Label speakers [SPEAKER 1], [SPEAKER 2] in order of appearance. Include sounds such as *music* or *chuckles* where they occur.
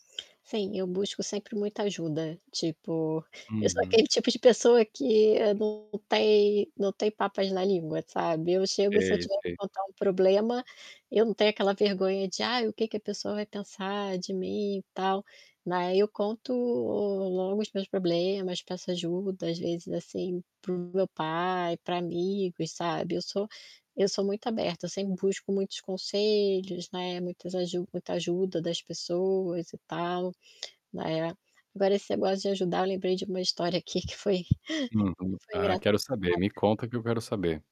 [SPEAKER 1] Sim, eu busco sempre muita ajuda, tipo, eu sou
[SPEAKER 2] Uhum.
[SPEAKER 1] aquele tipo de pessoa que eu não tem não tenho papas na língua, sabe. Eu chego e se eu
[SPEAKER 2] Sei,
[SPEAKER 1] tiver que
[SPEAKER 2] sei.
[SPEAKER 1] contar um problema, eu não tenho aquela vergonha de "Ai o que que a pessoa vai pensar de mim e tal", na ai eu conto logo os meus problemas, peço ajuda às vezes, assim, para o meu pai, para amigos sabe. Eu sou eu sou muito aberta, sempre busco muitos conselhos, né, muitas aju muita ajuda das pessoas e tal, né. Agora esse negócio de ajudar lembrei de uma história aqui que foi *chuckles* que
[SPEAKER 2] Uhum.
[SPEAKER 1] foi
[SPEAKER 2] Ah, quero
[SPEAKER 1] engraçado.
[SPEAKER 2] saber, me conta que eu quero saber.